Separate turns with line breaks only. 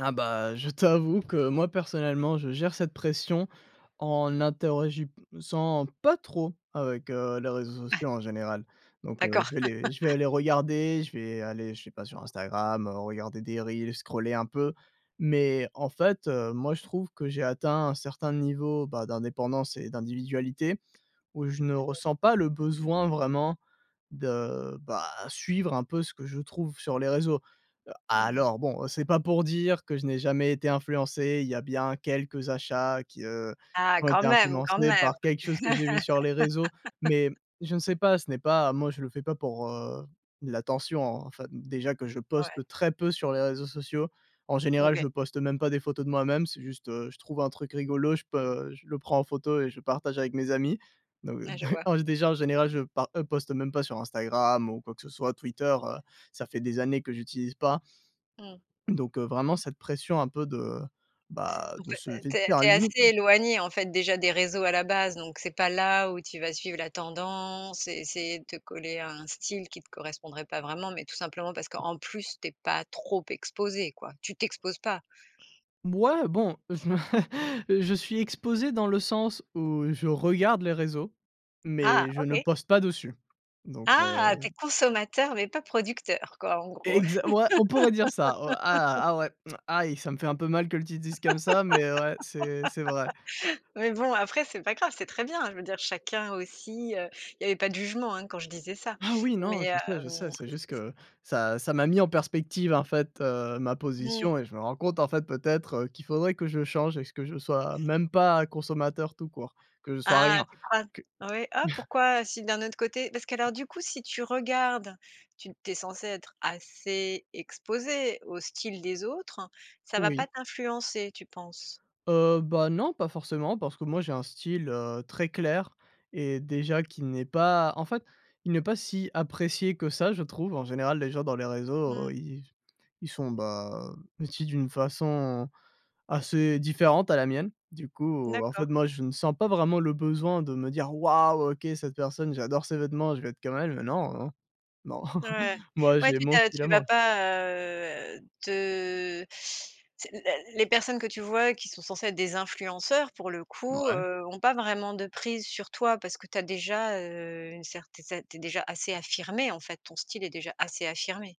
Ah bah, je t'avoue que moi, personnellement, je gère cette pression en n'interagissant pas trop avec, heu, les réseaux sociaux en général donc heu,
D'accord.
je vais les je vais aller regarder, je vais aller, je sais pas, sur Instagram, regarder des reels, scroller un peu, mais en fait, heu, moi je trouve que j'ai atteint un certain niveau, bah, d'indépendance et d'individualité où je ne
Alors
ressens pas le besoin vraiment de, bah, suivre un peu ce que je trouve sur les réseaux.
Mmh mh.
Alors bon, c'est pas pour dire que je n'ai jamais été influencé, il y a bien quelques achats qui, heu,
Ah,
qui ont
quand
été
même, quand
influencés
même.
par quelque chose que j'ai vu sur les réseaux, mais je ne sais pas. Ce n'est pas moi je le fais pas pour, heu, l'attention, en fait, déjà que je
Ouais.
poste très peu sur les réseaux sociaux. En général,
OK.
je poste même pas des photos de moi-même, c'est juste, heu, je trouve un truc rigolo, je peux je le prends en photo et je partage avec mes amis, donc
Ouais,
d
je vois.
en déjà en général, je pa heu, poste même pas sur Instagram ou quoi que ce soit, Twitter, heu, ça fait des années que j'utilise pas.
Mmh.
Donc heu, vraiment cette pression un peu de, bah,
En
de
fait,
se
tu es tu es assez
[unintelligible]
éloigné, en fait, déjà des réseaux à la base, donc c'est pas là où tu vas suivre la tendance et essayer de te coller à un style qui te correspondrait pas vraiment, mais tout simplement parce qu'en plus tu es pas trop exposé, quoi, tu t'exposes pas.
B ouais bon, je me je suis exposé dans le sens où je regarde les réseaux,
Ah!
mais je ne
OK.
poste pas dessus donc
Ah! Tu
heu
es consommateur, mais pas producteur, quoi, en gros.
Exa ouais, on pourrait dire ça. Oh! Ah! Ah ouais! Mmh, aïe, ça me fait un peu mal que tu le dises comme ça, mais ouais, c'est c'est vrai.
Mais bon après, c'est pas grave, c'est très bien, hein, je veux dire chacun aussi, heu il y avait pas de jugement, hein, quand je disais ça,
Ah oui, non,
mais
je sais, je sais,
hem,
c'est
c
juste
c
que ça ça m'a mis en perspective, en fait, heu, ma
Mmh.
position et je me rends compte, en fait, peut-être, heu, qu'il faudrait que je change et que je sois même pas consommateur tout court, que je sois
Ah,
rien,
tu crois?
que
Ouais. Ah, pourquoi si d'un autre côté parce qu'alors, du coup, si tu regardes, tu tu es censé être assez exposé au style des autres. Ça va pas
Oui.
t'influencer tu penses?
Heu, bah, non, pas forcément parce que moi j'ai un style, heu, très clair et déjà qui n'est pas en fait, il n'est pas si apprécié que ça je trouve. En général, les gens dans les réseaux,
Mmh.
heu, ils s ils sont, bah, vêtus d'une façon assez différente à la mienne. Du coup, en fait,
D'accord.
moi, je ne sens pas vraiment le besoin de me dire «Waouh! OK, cette personne, j'adore ses vêtements, je veux être comme elle», non, non,
Ouais,
moi,
ouais,
j'ai
tu tu
mon
as
style à
tu vas
moi.
pas, heu, te tu sais? Les les personnes que tu vois qui sont censées être des influenceurs pour le coup,
Ouais.
heu, ont pas vraiment de prise sur toi parce que tu as déjà, heu, une certaine c tu es déjà assez affirmé, en fait, ton style est déjà assez affirmé.